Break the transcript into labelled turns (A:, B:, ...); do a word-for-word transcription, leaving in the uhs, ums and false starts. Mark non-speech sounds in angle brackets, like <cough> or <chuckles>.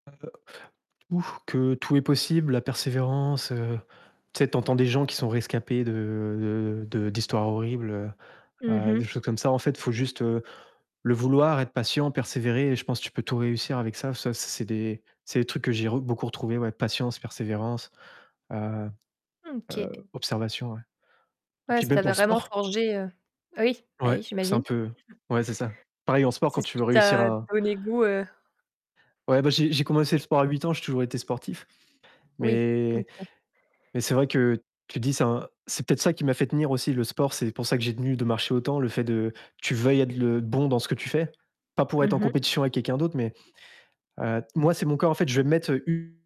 A: Heu, ou que tout est possible, la persévérance, heu, tu sais, tu entends des gens qui sont rescapés de de de d'histoires horribles, heu
B: Mmh
A: heu,
B: mh.
A: des choses comme ça, en fait, il faut juste, heu, le vouloir, être patient, persévérer et je pense tu peux tout réussir avec ça, ça c'est c'est des c'est des trucs que j'ai re beaucoup retrouvé, ouais, patience, persévérance, heu
B: Mmh OK.
A: heu, observation, ouais et
B: Ouais,
A: puis
B: si tu
A: même pour
B: avais
A: le
B: vraiment
A: sport
B: forgé, heu oui, ben,
A: Ouais,
B: oui,
A: c'est un
B: j'imagine.
A: peu
B: <chuckles>
A: ouais, c'est ça, pareil en sport quand
B: C'est ce
A: tu
B: qui
A: veux réussir
B: t'a
A: à
B: donné goût, heu
A: Ouais, bah, j'ai j'ai commencé le sport à huit ans, j'ai toujours été sportif
B: Oui,
A: mais
B: OK.
A: mais c'est vrai que tu te dis: «C'est un c'est peut-être ça qui m'a fait tenir aussi, le sport». C'est pour ça que j'ai tenu de marcher autant, le fait de tu veuilles être le bon dans ce que tu fais, pas pour être
B: Mmh
A: en
B: mh.
A: compétition avec quelqu'un d'autre mais heu, moi, c'est mon corps, en fait, je vais mettre u